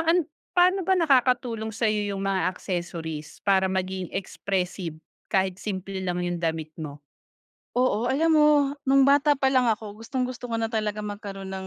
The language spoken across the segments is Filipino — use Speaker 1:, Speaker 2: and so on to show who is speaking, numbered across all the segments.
Speaker 1: Paan paano ba nakakatulong sayo yung mga accessories para maging expressive kahit simple lang yung damit mo?
Speaker 2: Oo alam mo nung bata pa lang ako gustong-gusto ko na talaga magkaroon ng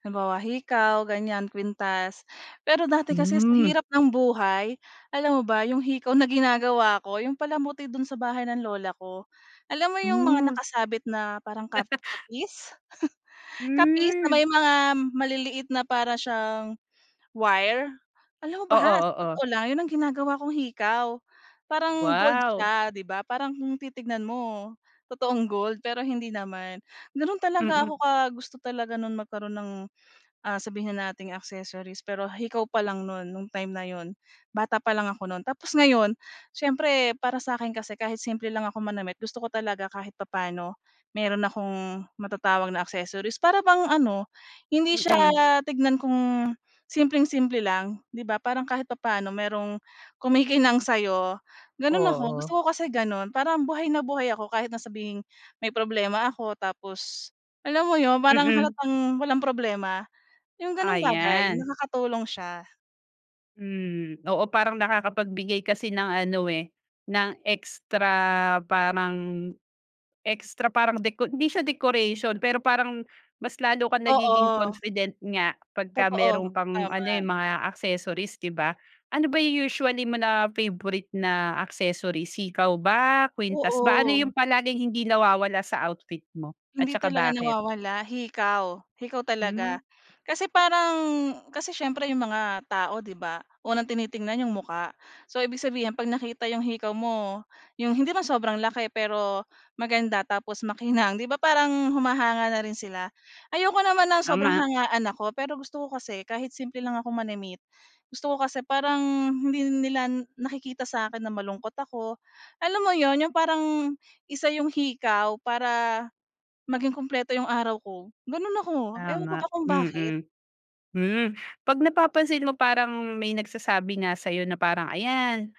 Speaker 2: halimbawa, hikaw ganyan, kuwintas. Pero dati kasi sa
Speaker 1: Hmm.
Speaker 2: hirap ng buhay alam mo ba 'yong hikaw na ginagawa ko 'yong palamuti do'n sa bahay ng lola ko. Alam mo 'yong mga
Speaker 1: Hmm.
Speaker 2: nakasabit na parang kap kapis? Kapis na may
Speaker 1: Hmm.
Speaker 2: mga maliliit na para siyang wire? Alam mo ba
Speaker 1: Oo,
Speaker 2: sa
Speaker 1: oo.
Speaker 2: totoo lang 'yon ang ginagawa kong hikaw, parang gold
Speaker 1: Wow.
Speaker 2: siya, 'di ba? Parang kung titignan mo totoong gold pero hindi naman. Gano'n talaga
Speaker 1: Mm.
Speaker 2: ako ka gusto talaga no'n magkaroon ng ah sabihin na nating accessories, pero hikaw pa lang no'n nung time na 'yon, bata pa lang ako no'n. Tapos ngayon siyempre para sa akin kasi kahit simple lang ako manamit gusto ko talaga kahit papaano meron akong matatawag na accessories para bang ano hindi siya
Speaker 1: Mm.
Speaker 2: tignan kung simpleng-simple lang 'di ba? Parang kahit papaano merong kumikinang sa'yo, gano'n ako, gusto
Speaker 1: Oo.
Speaker 2: ko kasi gano'n. Parang buhay na buhay ako kahit na sabihing may problema ako tapos alam mo 'yon parang
Speaker 1: Mm.
Speaker 2: halatang walang problema. 'Yong gano'ng bagay
Speaker 1: Ayan.
Speaker 2: nakakatulong siya.
Speaker 1: Hmm. Oo, parang nakakapagbigay kasi ng ano, eh, ng extra parang extra parang deco hindi siya decoration, pero parang, mas lalo kang nagiging
Speaker 2: Oo.
Speaker 1: confident nga pagka
Speaker 2: Totoo.
Speaker 1: merong pang ano, eh,
Speaker 2: Tama.
Speaker 1: mga accessories, 'di ba? Ano ba 'yong usually mo na favorite na accessories? Hikaw ba? Kuwintas ba? Ano
Speaker 2: Oo.
Speaker 1: 'yong palaging hindi nawawala sa outfit mo? At
Speaker 2: Hindi
Speaker 1: saka
Speaker 2: talaga
Speaker 1: bakit?
Speaker 2: nawawala? Hikaw. Hikaw
Speaker 1: Hmm.
Speaker 2: talaga. Kasi parang kasi siyempre 'yong mga tao, 'di ba? Unang tinitingnan 'yong mukha. So ibig sabihin, 'pag nakita 'yong hikaw mo, 'yong hindi man sobrang laki pero, maganda, tapos makinang, 'di ba parang, humahanga na rin sila. Ayoko naman ng sobrang
Speaker 1: Tama.
Speaker 2: hangaan ako, pero gusto ko kasi kahit simple lang ako manamit, gusto ko kasi parang, hindi nila nakikita sa'kin na malungkot ako. Alam mo 'yon? 'Yong parang, isa 'yong hikaw para, maging kumpleto 'yong araw ko. Gano'n ako. Ewan ko
Speaker 1: Tama,
Speaker 2: ba kung bakit.
Speaker 1: mm. Hmm, 'pag napapansin mo parang may nagsasabi nga sa'yo na parang, "Ayan,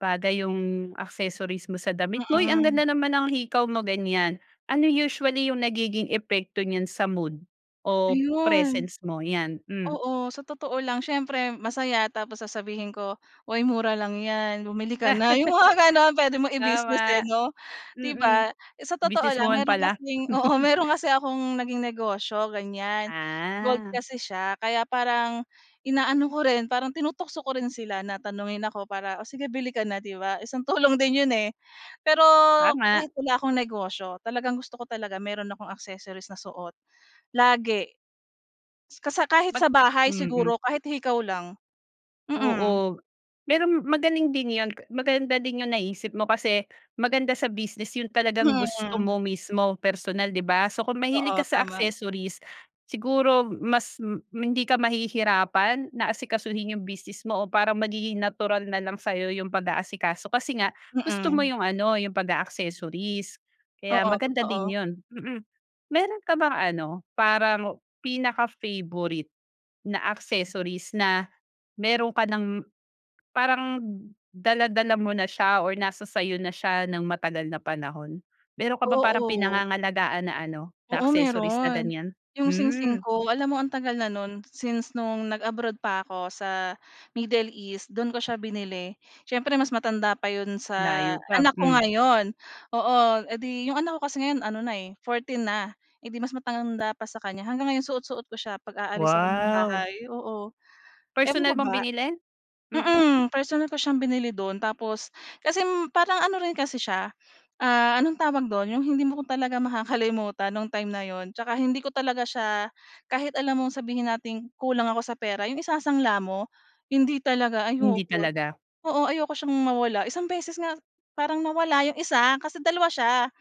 Speaker 1: bagay yung accessories mo sa damit mo. Uy! Ang
Speaker 2: Mm.
Speaker 1: ganda naman ang hikaw mo," ganyan. Ano usually yung nagiging epekto niyan sa mood, o
Speaker 2: Ayun.
Speaker 1: presence mo? 'Yan. Hmm.
Speaker 2: Oo, sa totoo lang siyempre masaya tapos sasabihin ko, "Oy mura lang yan, bumili ka na." 'Yong mga gano'n, puwede mong i-business, eh,
Speaker 1: Tama.
Speaker 2: 'no? 'Di
Speaker 1: Mm.
Speaker 2: ba? Sa totoo
Speaker 1: Business
Speaker 2: lang
Speaker 1: woman
Speaker 2: meron
Speaker 1: pala.
Speaker 2: kasing oo, meron kasi akong naging negosyo, ganyan. Gold
Speaker 1: Ah.
Speaker 2: kasi siya kaya parang, inaano ko rin, parang tinutukso ko rin sila na tanungin ako para, "Oh, sige bili ka na." 'Di ba? Isang tulong din 'yon, eh. Pero
Speaker 1: Tama.
Speaker 2: kahit wala akong negosyo, talagang gusto ko talaga mayro'n akong accessories na suot. Lagi. Kasa kahit
Speaker 1: Mag
Speaker 2: sa bahay
Speaker 1: mm.
Speaker 2: siguro, kahit hikaw lang. Mm.
Speaker 1: Oo. Pero magaling din yun. Maganda din yung naisip mo, kasi maganda sa business yun talagang gusto
Speaker 2: Mm.
Speaker 1: mo mismo, personal, 'di ba? So kung mahilig ka
Speaker 2: Oo,
Speaker 1: sa
Speaker 2: tama.
Speaker 1: accessories, siguro mas m hindi ka mahihirapan, na asikasuhin yung business mo o parang magiging natural na lang sayo yung pag-aasikaso kasi nga, gusto mo
Speaker 2: Mm.
Speaker 1: yung ano, yung pag-a-accessories. Kaya
Speaker 2: Oo,
Speaker 1: maganda din
Speaker 2: totoo.
Speaker 1: yun. Mm. Meron ka bang ano, parang pinaka favorite, na accessories na meron ka ng parang dala-dala mo na siya or nasa sa 'yo na siya ng matagal na panahon? Meron ka bang parang
Speaker 2: Oo.
Speaker 1: pinangangalagaan na ano, na
Speaker 2: Oo,
Speaker 1: accessories na
Speaker 2: meron.
Speaker 1: ganyan?
Speaker 2: 'Yong singsing
Speaker 1: Hmm.
Speaker 2: ko, alam mo ang tagal na no'n, since no'ng nag-abroad pa ako sa, Middle East, do'n ko siya binili. Siyempre mas matanda pa 'yon sa
Speaker 1: Layo pa,
Speaker 2: anak ko
Speaker 1: hmm.
Speaker 2: ngayon. Oo. Edi 'yong anak ko kasi ngayon ano na, eh, 14 na. Edi mas matanda pa sa kanya. Hanggang ngayon suot-suot ko siya 'pag aalis ako ng
Speaker 1: Wow.
Speaker 2: bahay. Oo. Ewan
Speaker 1: Personal
Speaker 2: ko
Speaker 1: mong
Speaker 2: ba.
Speaker 1: binili? Mhm?
Speaker 2: Mm, personal ko siyang binili do'n, tapos kasi parang ano rin kasi siya, ah, anong tawag do'n? 'Yong hindi mo talaga makakalimutan no'ng time na 'yon, tsaka hindi ko talaga siya kahit alam mong sabihin nating kulang ako sa pera, 'yong isasangla mo? Hindi talaga,
Speaker 1: Hindi
Speaker 2: ayoko.
Speaker 1: talaga.
Speaker 2: Oo, ayoko siyang mawala. Isang beses nga parang nawala 'yong isa, kasi dalawa siya.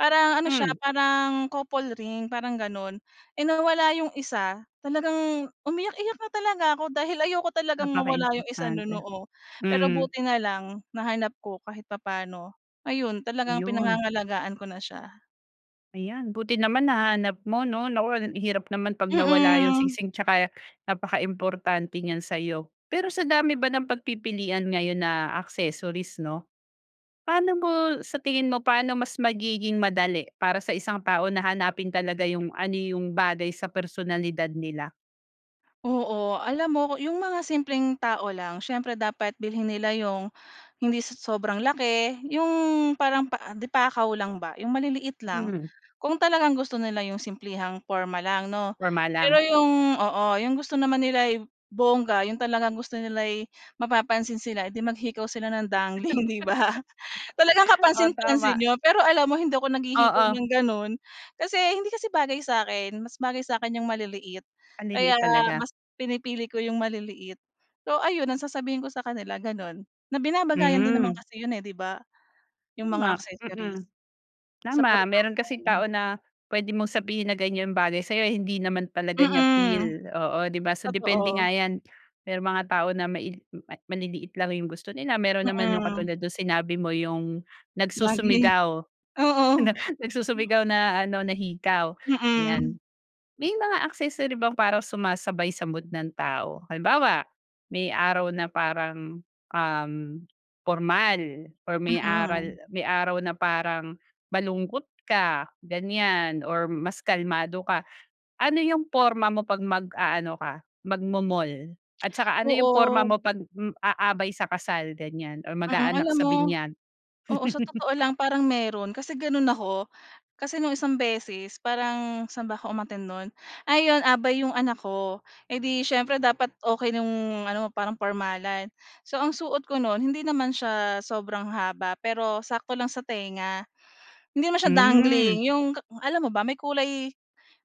Speaker 2: Parang ano siya,
Speaker 1: Hmm.
Speaker 2: parang couple ring, parang gano'n. Eh, nawala yung isa, talagang umiyak-iyak na talaga ako dahil ayoko talagang mawala yung isa no'n,
Speaker 1: Napakaimportante.
Speaker 2: oo. Pero
Speaker 1: Hmm.
Speaker 2: buti na lang, nahanap ko kahit papano. Ayun, talagang
Speaker 1: Yun.
Speaker 2: pinangangalagaan ko na siya.
Speaker 1: Ayan buti naman nahanap mo, 'no, naku hirap naman pag nawala 'yung
Speaker 2: Mm.
Speaker 1: singsing, 'tsaka napakaimportante niyan sa'yo. Pero sa dami ba ng pagpipilian ngayon na accessories, 'no, paano mo sa tingin mo, paano mas magiging madali para sa isang tao na hanapin talaga 'yung ano 'yung bagay sa personalidad nila?
Speaker 2: Oo. Alam mo 'yung mga simpleng tao lang siyempre dapat bilhin nila 'yung hindi sa sobrang laki 'yung parang pa di pakaw lang ba, 'yung maliliit lang
Speaker 1: Hmm.
Speaker 2: kung talagang gusto nila 'yung simplehang porma lang 'no.
Speaker 1: Porma
Speaker 2: Pero
Speaker 1: lang.
Speaker 2: 'yung oo, 'yung gusto naman nila'y bongga 'yung talagang gusto nila'y mapapansin sila, eh, 'di maghikaw sila ng dangling, 'di ba? Talagang
Speaker 1: Oo,
Speaker 2: kapansin-pansin
Speaker 1: tama.
Speaker 2: 'yon, pero alam mo hindi ako naghihikaw
Speaker 1: Oo.
Speaker 2: ng gano'n. Kasi hindi kasi bagay sa'kin mas bagay sa'kin 'yung maliliit kaya
Speaker 1: Maliliit talaga?
Speaker 2: mas pinipili ko 'yung maliliit. So ayun ang sasabihin ko sa kanila gano'n, na binabagayan din naman
Speaker 1: Hmm.
Speaker 2: kasi 'yun, eh, 'di ba 'yung mga
Speaker 1: Tama!
Speaker 2: accessories,
Speaker 1: Mm.
Speaker 2: sa
Speaker 1: Tama. Meron kasing tao
Speaker 2: pormahan.
Speaker 1: na puwede mong sabihin na, "ganiyan bagay sa'yo" hindi naman talaga niya
Speaker 2: Mm,
Speaker 1: feel, oo, 'di ba, so depende nga
Speaker 2: totoo.
Speaker 1: 'yan. Merong mga tao na maili maliliit lang 'yong gusto nila meron naman 'yong
Speaker 2: Mm.
Speaker 1: katulad nung sinabi mo 'yong
Speaker 2: Dangling,
Speaker 1: nagsusumigaw,
Speaker 2: oo.
Speaker 1: nag nagsusumigaw na ano na hikaw, 'yan.
Speaker 2: Mm.
Speaker 1: May mga accessory bang para sumasabay sa mood ng tao? Halimbawa, may araw na parang, um, pormal or may aral
Speaker 2: Mm.
Speaker 1: may araw na parang malungkot ka ganiyan or mas kalmado ka. Ano 'yung porma mo pag mag-aano ka magmo-mall at saka ano 'yung porma
Speaker 2: Oo.
Speaker 1: mo 'pag aabay sa kasal ganiyan or
Speaker 2: Mm,
Speaker 1: mag-aanak
Speaker 2: alam
Speaker 1: sa
Speaker 2: mo
Speaker 1: binyag?
Speaker 2: oo sa totoo lang parang meron kasi gano'n ako. Kasi no'ng isang beses parang saan ba ako umattend no'n? Ayun, abay 'yong anak ko, eh, 'di siyempre dapat okey no'ng ano parang pormalan. So ang suot ko no'n hindi naman siya sobrang haba pero sakto lang sa tenga. Hindi naman siya dangling
Speaker 1: Hmm.
Speaker 2: 'yong ka alam mo ba, may kulay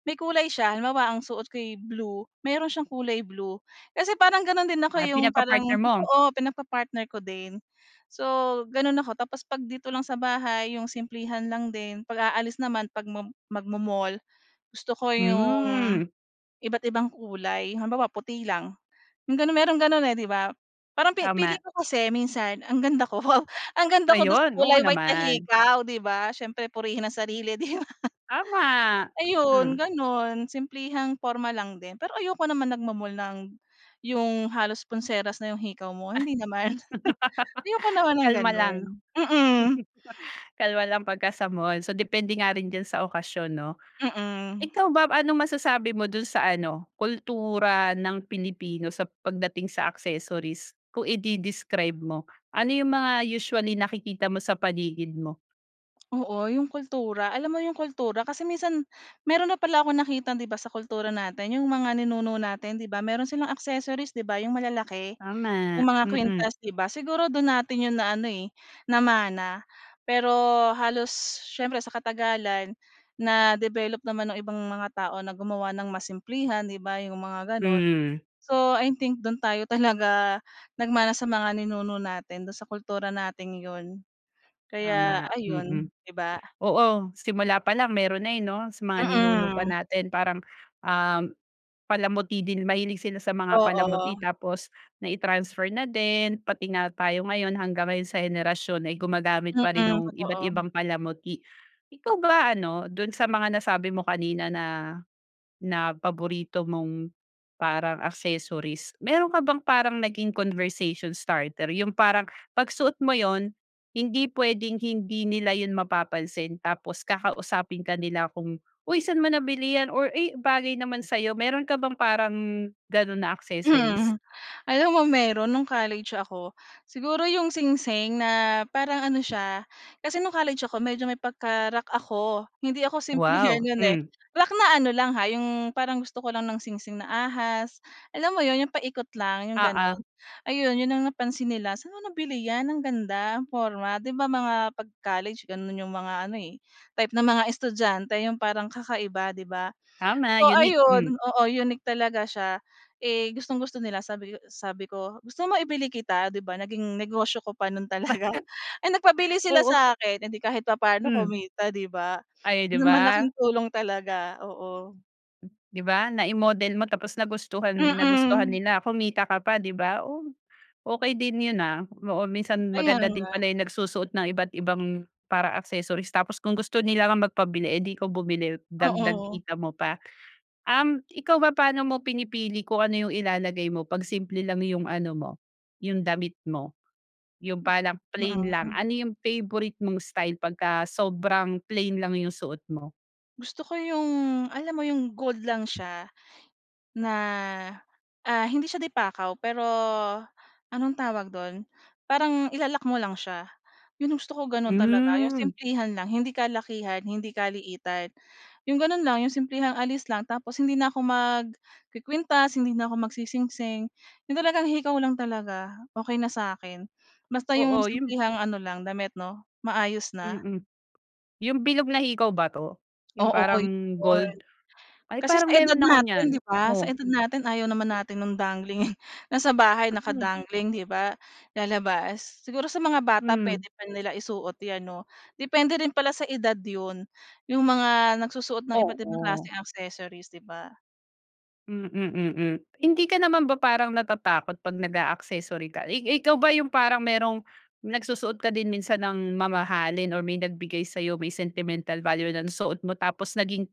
Speaker 2: may kulay siya. Halimbawa, ang suot ko'y blue mayroon siyang kulay blue, kasi parang gano'n din ako,
Speaker 1: Ah,
Speaker 2: eh, 'yong parang
Speaker 1: pinagpa-partner mo?
Speaker 2: oo, pinagpa-partner ko din. So, gano'n ako tapos 'pag dito lang sa bahay 'yong simplihan lang din. 'Pag aalis naman, 'pag mom mag-mo-mall gusto ko 'yong
Speaker 1: Hmm.
Speaker 2: iba't ibang kulay. Halimbawa, puti lang 'yong gano'n, mayroong gano'n, eh, 'di ba? Parang fe
Speaker 1: Tama.
Speaker 2: feeling ko kasi minsan ang ganda ko, wow! Ang ganda ko do'n sa
Speaker 1: Ayun! Oo
Speaker 2: kulay white na
Speaker 1: naman.
Speaker 2: hikaw 'di ba? Siyempre purihin ang sarili, 'di ba?
Speaker 1: Tama!
Speaker 2: Ayun,
Speaker 1: Mm.
Speaker 2: gano'n. Simplehang porma lang din pero ayoko naman nagmo-mall ng 'yong halos pulseras na 'yong hikaw mo, hindi naman. Ayoko naman ng
Speaker 1: Kalma
Speaker 2: gano'n,
Speaker 1: lang.
Speaker 2: mm.
Speaker 1: Kalma lang pagka sa mall, so depende nga rin diyan sa okasyon, 'no.
Speaker 2: Mm.
Speaker 1: Ikaw ba, anong masasabi mo doon sa ano, kultura ng Pilipino sa pagdating sa accessories kung ide-describe mo? Ano 'yung mga usually nakikita mo sa paligid mo?
Speaker 2: Oo yung kultura. Alam mo 'yong kultura kasi minsan meron na pala akong nakitang, dito sa kultura natin 'yong mga ninuno natin, 'di ba? Meron silang accessories, 'di ba, yung malalaki?
Speaker 1: Tama,
Speaker 2: Yung mga
Speaker 1: mm.
Speaker 2: kwintas, 'di ba, siguro do'n natin 'yon na ano, eh, namana. Pero halos siyempre sa katagalan na develop naman nung ibang mga tao na gumawa ng mas simplihan, 'di ba, 'yong mga gano'n.
Speaker 1: Hmm.
Speaker 2: So, I think dun tayo talaga nagmana sa mga ninuno natin do'n sa kultura natin 'yon. Kaya
Speaker 1: Tama, mm.
Speaker 2: ayun, 'di ba?
Speaker 1: Oo, simula pa lang meron na, eh, 'no? Sa mga ninuno pa
Speaker 2: Mm.
Speaker 1: natin parang, um, palamuti din. Mahilig sila sa mga palamuti
Speaker 2: Oo.
Speaker 1: tapos nai-transfer na din pati nga tayo ngayon hanggang ngayon sa henerasyon ay gumagamit pa rin
Speaker 2: Mm,
Speaker 1: nung iba't
Speaker 2: totoo.
Speaker 1: ibang palamuti. Ikaw ba ano, do'n sa mga nasabi mo kanina na na paborito mong parang accessories, meron ka bang parang naging conversation starter yung parang 'pag suot mo 'yon, hindi puwedeng hindi nila 'yon mapapansin tapos kakausapin ka nila kung, "Uy saan mo nabilihan or, eh, bagay naman sa'yo." Meron ka bang parang gano'n na accessories?
Speaker 2: Hmm, alam mo meron no'ng college ako. Siguro yung singsing na parang ano siya, kasi no'ng college ako medyo may pagka-rock ako, hindi ako simplehan
Speaker 1: Wow,
Speaker 2: 'yan, eh,
Speaker 1: hmm.
Speaker 2: rock na ano lang ha, 'yong parang gusto ko lang ng singsing na ahas, alam mo 'yon yung paikot lang, yung
Speaker 1: Oo.
Speaker 2: gano'n. Ayun 'yon ang napansin nila saan mo nabili 'yan ang ganda ang porma. 'Di ba, mga pag-college gano'n yung mga ano, eh, type ng mga estudyante yung parang kakaiba, 'di ba?
Speaker 1: Tama,
Speaker 2: So,
Speaker 1: unique.
Speaker 2: ayun
Speaker 1: hmm.
Speaker 2: oo unique talaga siya. Eh, gustong-gusto nila sabi ko sabi ko, "Gusto mo ibili kita?" 'Di ba, naging negosyo ko pa no'n talaga. Eh, nagpabili sila
Speaker 1: Oo.
Speaker 2: sa akin, eh, 'di kahit papaano
Speaker 1: Mm.
Speaker 2: kumita, 'di ba?
Speaker 1: Ay, 'di ba?
Speaker 2: Malaking tulong talaga, oo.
Speaker 1: Di ba nai-model mo tapos nagustuhan nagustuhan
Speaker 2: Mm.
Speaker 1: nila, kumita ka pa, 'di ba? Oh, okey din 'yon, ah. Oo minsan
Speaker 2: Kaya
Speaker 1: maganda din
Speaker 2: nga.
Speaker 1: pala yung nagsusuot ng iba't ibang para accessories tapos kung gusto nila nga magpabili 'di ikaw nabumili dagdag
Speaker 2: Oo.
Speaker 1: kita mo pa. Um, ikaw ba paano mo pinipili kung ano 'yong ilalagay mo 'pag simple lang yung ano mo, yung damit mo? Yung parang plain lang
Speaker 2: Mm.
Speaker 1: ano, yung favorite mong style 'pagka sobrang plain lang yung suot mo?
Speaker 2: Gusto ko yung, alam mo yung, gold lang siya na, ah, hindi siya de pakaw, pero anong tawag do'n? Parang ila-lock mo lang siya, 'yon yung gusto ko, gano'n talaga, yung
Speaker 1: Hmm.
Speaker 2: simplehan lang, hindi kalakihan, hindi kaliitan, yung gano'n lang, yung simplehang alis lang, tapos hindi na ako magkukuwintas, hindi na ako magsisingsing, yung talagang hikaw lang talaga, okey na sa 'kin. Basta yung
Speaker 1: Oo, yung
Speaker 2: simplehang ano lang, damit, 'no, maayos na.
Speaker 1: Mm. Yung bilog na hikaw ba 'to? Yung
Speaker 2: Oo,
Speaker 1: parang
Speaker 2: 'yon.
Speaker 1: gold? Ay,
Speaker 2: Kasi sa
Speaker 1: parang
Speaker 2: edad
Speaker 1: meron ako niyan.
Speaker 2: natin, 'di ba, sa
Speaker 1: Oh.
Speaker 2: edad natin ayaw naman natin no'ng dangling. Nasa bahay,
Speaker 1: Mm.
Speaker 2: naka-dangling, 'di ba, lalabas. Siguro sa mga bata
Speaker 1: Hmm.
Speaker 2: puwede pa nila isuot 'yan, 'no? Depende rin pala sa edad 'yon, yung mga nagsusuot ng iba't ibang
Speaker 1: Oo.
Speaker 2: klaseng accessories, 'di ba?
Speaker 1: Hmm, mm, hmm. Hindi ka naman ba parang natatakot 'pag nag-a-accessory ka? I ikaw ba yung parang merong nagsusuot ka din minsan ng mamahalin, or may nagbigay sa'yo, may sentimental value ng suot mo, tapos naging,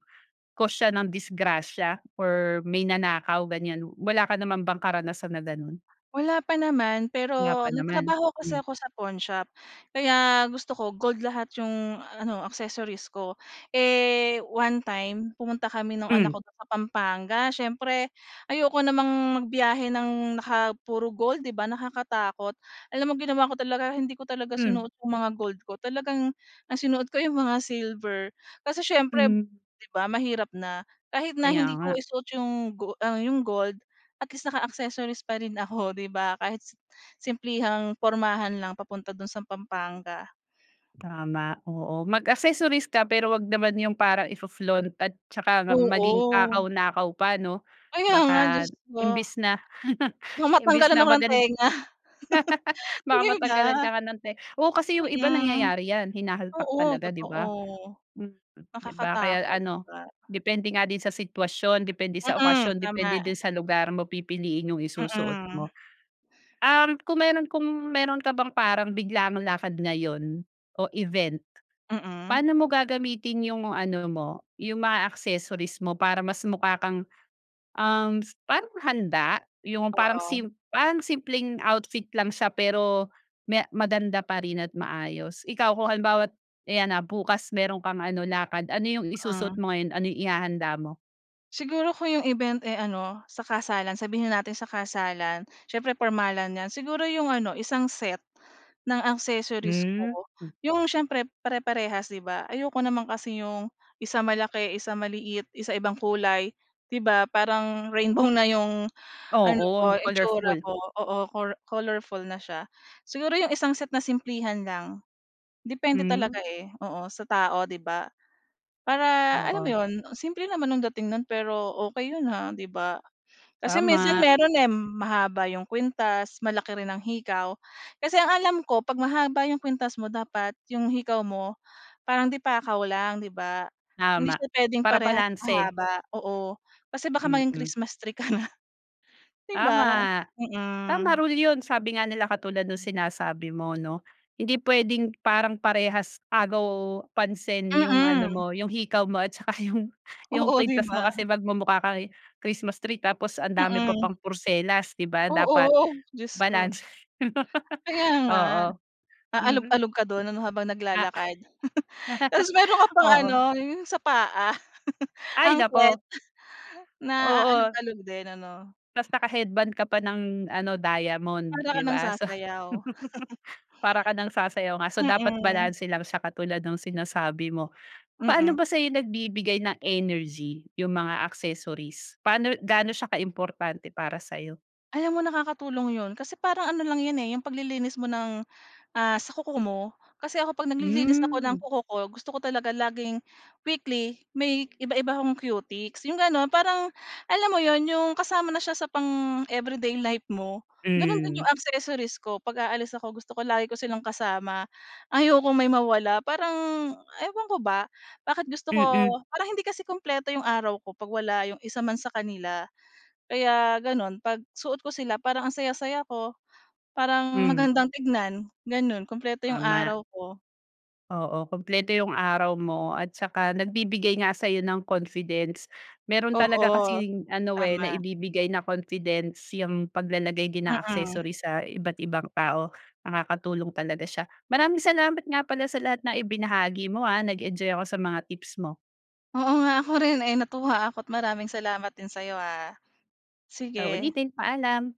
Speaker 1: cause siya ng disgrasya or may nanakaw, ganyan. Wala ka naman bang karanasan na gano'n?
Speaker 2: Wala pa naman,
Speaker 1: Wala pa
Speaker 2: pero
Speaker 1: naman?
Speaker 2: nagtrabaho ako sa
Speaker 1: Hmm.
Speaker 2: 'ko sa pawnshop, kaya gusto ko gold lahat yung ano, accessories ko. Eh, one time, pumunta kami no'ng anak
Speaker 1: Hmm.
Speaker 2: ko do'n sa Pampanga. Siyempre ayoko namang magbiyahe ng naka puro gold, 'di ba, nakakatakot? Alam mo ginawa ko talaga, hindi ko talaga
Speaker 1: Hmm.
Speaker 2: sinuot yung mga gold ko. Talagang ang sinuot ko yung mga silver, kasi siyempre,
Speaker 1: Hmm.
Speaker 2: 'di ba, mahirap na. Kahit na
Speaker 1: Kaya
Speaker 2: hindi ko
Speaker 1: nga.
Speaker 2: isuot yung go ang yung gold, at least, naka-accessories pa rin ako, 'di ba, kahit si simplehang pormahan lang papunta do'n sa Pampanga.
Speaker 1: Tama. Oo. Mag-accessories ka, pero huwag naman yung parang ifo-flaunt at tsaka na maging
Speaker 2: Oo.
Speaker 1: takaw-nakaw pa, 'no?
Speaker 2: Kaya nga,
Speaker 1: Baka
Speaker 2: Diyos ko.
Speaker 1: imbes na,
Speaker 2: Baka
Speaker 1: imbes
Speaker 2: matanggalan
Speaker 1: na,
Speaker 2: ako ng
Speaker 1: magan
Speaker 2: tenga.
Speaker 1: Baka
Speaker 2: 'Di
Speaker 1: matanggalan
Speaker 2: ba?
Speaker 1: ka nga ng te oo, kasi yung iba
Speaker 2: Mm.
Speaker 1: nangyayari yan, hinahalpak
Speaker 2: Oo,
Speaker 1: talaga, 'di
Speaker 2: totoo.
Speaker 1: ba? Mm. 'Di ba? Kaya
Speaker 2: Nakakatakot, 'di
Speaker 1: ano,
Speaker 2: ba?
Speaker 1: depende nga din sa sitwasyon, depende sa
Speaker 2: Mm.
Speaker 1: okasyon, depende
Speaker 2: Tama.
Speaker 1: din sa lugar, mo pipiliin yung isusuot
Speaker 2: Mm.
Speaker 1: mo. Um, kung meron kung meron ka bang parang biglaang lakad ngayon, o event,
Speaker 2: Mm.
Speaker 1: paano mo gagamitin yung mga ano mo, yung mga accessories mo para mas mukha kang, um, parang handa. Yung parang
Speaker 2: Oo.
Speaker 1: sim parang simpleng outfit lang siya pero, may maganda pa rin at maayos. Ikaw, kung halimbawa't, ayan na, bukas meron kang ano, lakad, ano yung isusuot
Speaker 2: Hmm.
Speaker 1: mo ngayon, ano yung ihahanda mo?
Speaker 2: Siguro kung 'yong event, eh, ano, sa kasalan. Sabihin na natin sa kasalan, siyempre pormalan 'yan. Siguro 'yong ano isang set, ng accessories
Speaker 1: Hmm,
Speaker 2: ko,
Speaker 1: m
Speaker 2: 'yong siyempre pare-parehas 'di ba? Ayoko naman kasi ‘yong 1 malaki, 1 maliit, 1 ibang kulay 'di ba, parang rainbow na ‘yong ano
Speaker 1: Oo,
Speaker 2: ko, itsura
Speaker 1: colorful.
Speaker 2: ko, oo, cor colorful na siya. Siguro 'yong isang set na simplehan lang. Depende talaga,
Speaker 1: Hmm.
Speaker 2: eh, oo, sa tao ‘di ba? Para alam mo
Speaker 1: Oo.
Speaker 2: ‘yon, simple naman ang dating no’n pero okey 'yon ha, 'di ba. Kasi minsan
Speaker 1: Tama.
Speaker 2: mayro'n, eh, mahaba 'yong kuwintas, malaki rin ang hikaw. Kasi ang alam ko, 'pag mahaba 'yong kuwintas mo, dapat 'yong hikaw mo parang de-pakaw lang, 'di ba? Hindi
Speaker 1: Tama,
Speaker 2: siya puwedeng
Speaker 1: para
Speaker 2: parehas
Speaker 1: balanse.
Speaker 2: mahaba oo, kasi baka maging
Speaker 1: Mm.
Speaker 2: Christmas tree ka na. 'Di ba?
Speaker 1: Tama. Tama
Speaker 2: Mm.
Speaker 1: rule 'yon, sabi nga nila katulad nung sinasabi mo 'no, hindi pwedeng parang parehas agaw pansin 'yong ano
Speaker 2: Mm.
Speaker 1: mo 'yong hikaw mo at saka 'yong 'yong
Speaker 2: Oo, 'di
Speaker 1: kuwintas mo
Speaker 2: ba?
Speaker 1: kasi magmumukha ka Christmas tree tapos ang dami mo
Speaker 2: Mm.
Speaker 1: pang porselas 'di ba, dapat
Speaker 2: Oo, Diyos ko.
Speaker 1: balanse.
Speaker 2: Kaya nga.
Speaker 1: Oo. Mm.
Speaker 2: Aalog-alog ka do'n ano habang
Speaker 1: Oo.
Speaker 2: naglalakad. Tapos mayro'n ka pang ano
Speaker 1: Oo.
Speaker 2: 'yong sa paa,
Speaker 1: Ay,
Speaker 2: anklet
Speaker 1: nako.
Speaker 2: na
Speaker 1: Oo.
Speaker 2: aalog-alog din ano?
Speaker 1: Ta's naka-headband ka pa ng ano diamond,
Speaker 2: Para ka
Speaker 1: 'di
Speaker 2: nang
Speaker 1: ba? So
Speaker 2: sasayaw.
Speaker 1: Para ka nang sayaw nga, so dapat
Speaker 2: Mm.
Speaker 1: balanse lang siya katulad nung sinasabi mo. Paano
Speaker 2: Mm.
Speaker 1: ba sa'yo nagbibigay ng energy yung mga accessories? Paano gaano siya ka-importante para sa'yo?
Speaker 2: Alam mo nakakatulong 'yon kasi parang ano lang 'yan, eh, 'yong paglilinis mo ng, ah, sa kuko mo. Kasi ako 'pag naglilinis ako ng
Speaker 1: Hmm.
Speaker 2: kuko ko gusto ko talaga laging weekly may iba-iba akong cutex 'yong gano'n, parang, alam mo 'yon 'yong kasama na siya sa pang everyday life mo. Gano'n din
Speaker 1: Hmm.
Speaker 2: 'yong accessories ko pag-aalis ako gusto ko lagi ko silang kasama. Ayokong may mawala parang ewan ko ba, bakit gusto ko
Speaker 1: Mm.
Speaker 2: parang hindi kasi kumpleto 'yong araw ko 'pag wala 'yong isa man sa kanila. Kaya gano'n 'pag suot ko sila parang ang saya-saya ko, parang
Speaker 1: Hmm.
Speaker 2: magandang tignan gano'n kumpleto 'yong
Speaker 1: Tama.
Speaker 2: araw ko.
Speaker 1: Oo, kumpleto 'yung araw mo at saka nagbibigay nga sa'yo ng confidence. Meron talaga
Speaker 2: Oo,
Speaker 1: kasing ano, eh,
Speaker 2: tama.
Speaker 1: naibibigay na confidence 'yang paglalagay din ng
Speaker 2: Mm.
Speaker 1: accessories sa iba't ibang tao, nakakatulong talaga siya. Maraming salamat nga pala sa lahat na ibinahagi mo, ah, nag-enjoy ako sa mga tips mo.
Speaker 2: Oo, nga, ako rin, eh, natuwa ako't maraming salamat din sa'yo ha.
Speaker 1: Sa
Speaker 2: Sige.
Speaker 1: uulitin, paalam.